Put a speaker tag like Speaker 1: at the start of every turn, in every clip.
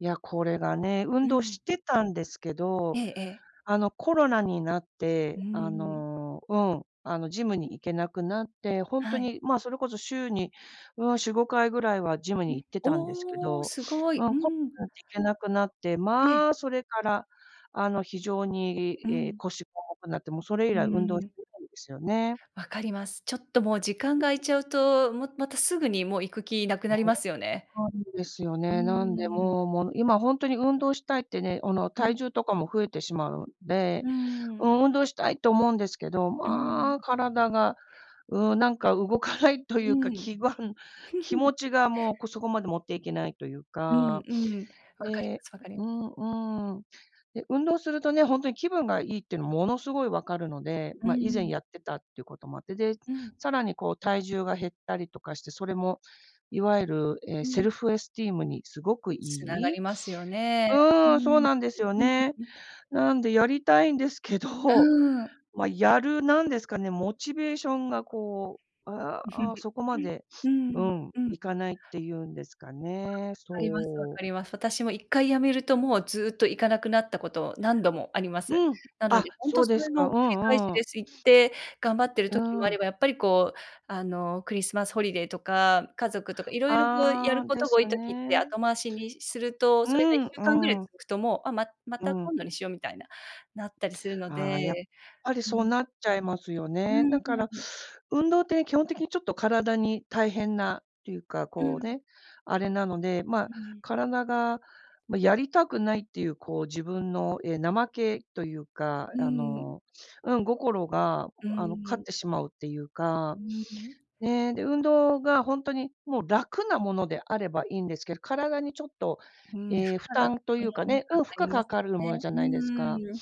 Speaker 1: いや、これがね、
Speaker 2: う
Speaker 1: 運動
Speaker 2: ん。
Speaker 1: してたんですけ
Speaker 2: え
Speaker 1: ど、
Speaker 2: えええ。
Speaker 1: あの、コロナになっ
Speaker 2: う
Speaker 1: て、あ
Speaker 2: ーん。
Speaker 1: の、うん、あの、ジムに行けなくなって、ほんと
Speaker 2: はい。
Speaker 1: にま、それこそ週に、うん、4、5回ぐらいはジム
Speaker 2: う
Speaker 1: に
Speaker 2: ん。
Speaker 1: 行ってたんですけ
Speaker 2: お、
Speaker 1: ど、
Speaker 2: すご
Speaker 1: う
Speaker 2: い。
Speaker 1: ん、
Speaker 2: う
Speaker 1: で
Speaker 2: ん。
Speaker 1: 行けなくなって、
Speaker 2: え
Speaker 1: ま、
Speaker 2: え。
Speaker 1: それから、あの、非常に、
Speaker 2: う
Speaker 1: いえ、
Speaker 2: ん。
Speaker 1: 腰重くなって、もうそれ以
Speaker 2: う
Speaker 1: 来運動
Speaker 2: ー
Speaker 1: で
Speaker 2: ん。
Speaker 1: すよね。
Speaker 2: 分かります。ちょっともう時間が空いち ゃうと、もまたすぐにもう行く気なくなりま すよね。
Speaker 1: ですよ
Speaker 2: うー
Speaker 1: ね。なんで、
Speaker 2: ん。
Speaker 1: もうもう今ほんとに運動したいってね、おの、
Speaker 2: うん。
Speaker 1: 体重とかも増えてしまうんで、
Speaker 2: うーん。
Speaker 1: うん、運動したいと思うんですけど、
Speaker 2: うん。
Speaker 1: まあ、体が、うん、なんか動かないとい
Speaker 2: う
Speaker 1: うか、
Speaker 2: ん。
Speaker 1: 気が気 持ちがもう、こそこまで持っていけないという
Speaker 2: うん
Speaker 1: か。
Speaker 2: うん。わかり
Speaker 1: で、
Speaker 2: ますわかり
Speaker 1: う
Speaker 2: ま。
Speaker 1: んうん。で、運動するとね、ほんとに気分がいいってのものすごい分かるので、
Speaker 2: うー
Speaker 1: ま、以前
Speaker 2: ん。
Speaker 1: やってたっていうこともあって、で、
Speaker 2: うん。
Speaker 1: さらにこう体重が減ったりとかして、それも、いわゆる、え、
Speaker 2: う
Speaker 1: セ
Speaker 2: ん。
Speaker 1: ルフエスティームにすごくい
Speaker 2: 繋が
Speaker 1: い
Speaker 2: りますよね。うー
Speaker 1: うん、そう
Speaker 2: ん。
Speaker 1: なんですよね。なんでやりたいんですけ
Speaker 2: う
Speaker 1: ど、
Speaker 2: ーん。
Speaker 1: ま、やるなんですかね、モチベーションがこう、ああ、そこま で、
Speaker 2: う
Speaker 1: う
Speaker 2: ん、
Speaker 1: ん、
Speaker 2: うん。
Speaker 1: 行かないっていうんですか ね、
Speaker 2: かります分
Speaker 1: そう。
Speaker 2: かります。私も一回止めるともうずっと行かなくなったこと、何度もあります。
Speaker 1: うん。
Speaker 2: なの
Speaker 1: あ、
Speaker 2: で、ほん
Speaker 1: そ
Speaker 2: と
Speaker 1: う
Speaker 2: そ
Speaker 1: です
Speaker 2: れの
Speaker 1: か。う
Speaker 2: 繰り返し
Speaker 1: んう
Speaker 2: で
Speaker 1: ん。
Speaker 2: す。行っ て、頑張ってる
Speaker 1: う
Speaker 2: 時もあ
Speaker 1: ん。
Speaker 2: れば、やっぱりこうあの、クリスマスホリデーとか、家族とか、色々こうやる
Speaker 1: あ、
Speaker 2: こ
Speaker 1: で
Speaker 2: とが多
Speaker 1: す
Speaker 2: い時って、
Speaker 1: ね。
Speaker 2: 後回しにすると、
Speaker 1: う
Speaker 2: それがいっ
Speaker 1: ん
Speaker 2: しゅうかんぐらい
Speaker 1: うん。
Speaker 2: 続くと、もう、あ、まま
Speaker 1: う
Speaker 2: た
Speaker 1: ん。
Speaker 2: 今度にしようみたいな、なったりするの
Speaker 1: あ、やっ
Speaker 2: で。
Speaker 1: ぱり
Speaker 2: う
Speaker 1: そう
Speaker 2: ん。
Speaker 1: なっちゃいますよ
Speaker 2: う
Speaker 1: ね。
Speaker 2: ー
Speaker 1: だから、
Speaker 2: ん。
Speaker 1: 運動って基本的にちょっと体に大変な、ていうか、
Speaker 2: う
Speaker 1: こう
Speaker 2: ん。
Speaker 1: ね、あれなので、ま、
Speaker 2: うん。
Speaker 1: 体が、ま、やりたくないっていうこう自分のえ、怠けというか、
Speaker 2: う
Speaker 1: あ
Speaker 2: ん。
Speaker 1: の、うん、心が
Speaker 2: う
Speaker 1: あの、勝
Speaker 2: ー
Speaker 1: っ
Speaker 2: ん。
Speaker 1: てしまうっていうか、
Speaker 2: うーん。
Speaker 1: ね、で、運動がほんとに、もう楽なものであればいいんですけど、体にちょっと、
Speaker 2: うん、負
Speaker 1: え、負
Speaker 2: 荷が、
Speaker 1: 担というか ね、
Speaker 2: かか
Speaker 1: うん、負荷
Speaker 2: りま
Speaker 1: か
Speaker 2: す
Speaker 1: かるもの
Speaker 2: ね。
Speaker 1: じゃ
Speaker 2: う
Speaker 1: ないですか。
Speaker 2: ーん。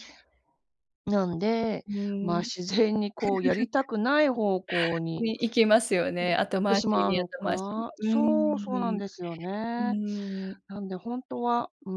Speaker 1: なんで、
Speaker 2: う
Speaker 1: ま、
Speaker 2: ん。
Speaker 1: 自然にこうやりたくない方向 に
Speaker 2: に行きますよ
Speaker 1: 行っ
Speaker 2: ね、後
Speaker 1: て
Speaker 2: 回
Speaker 1: し
Speaker 2: し
Speaker 1: まう
Speaker 2: に
Speaker 1: の
Speaker 2: 後回しに。
Speaker 1: か。
Speaker 2: うー
Speaker 1: そう、そうなん
Speaker 2: ん。
Speaker 1: ですよ
Speaker 2: う
Speaker 1: ね。
Speaker 2: ーん。
Speaker 1: なんで、ほんとは、うー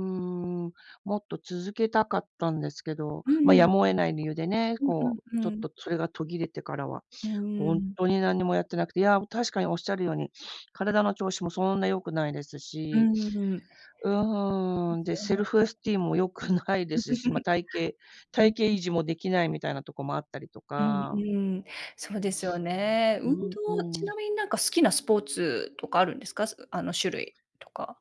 Speaker 1: ん。もっと続けたかったんですけど、
Speaker 2: う
Speaker 1: ま、や
Speaker 2: ん。
Speaker 1: むを得ない理由でね、
Speaker 2: うん
Speaker 1: こう、
Speaker 2: う
Speaker 1: ちょ
Speaker 2: ん
Speaker 1: っ
Speaker 2: うん。
Speaker 1: とそれが途切れてからは、
Speaker 2: うー
Speaker 1: ほん
Speaker 2: ん。
Speaker 1: とに何にもやってなくて、いや確かにおっしゃるように、体の調子もそんな良くないです
Speaker 2: う
Speaker 1: し、
Speaker 2: ーん。
Speaker 1: うーん、でセルフエ
Speaker 2: [unintelligible]
Speaker 1: スティームも良くないで すし、ま、体型
Speaker 2: うんう
Speaker 1: 体
Speaker 2: ん。
Speaker 1: 型維持もできないみたいなとこもあったりと
Speaker 2: うん
Speaker 1: か。
Speaker 2: うん。そうですよ ね。運
Speaker 1: うん
Speaker 2: 動、
Speaker 1: う
Speaker 2: ちな
Speaker 1: ん。
Speaker 2: みになんか好きなスポーツとかあるんですか？そあの種類とか。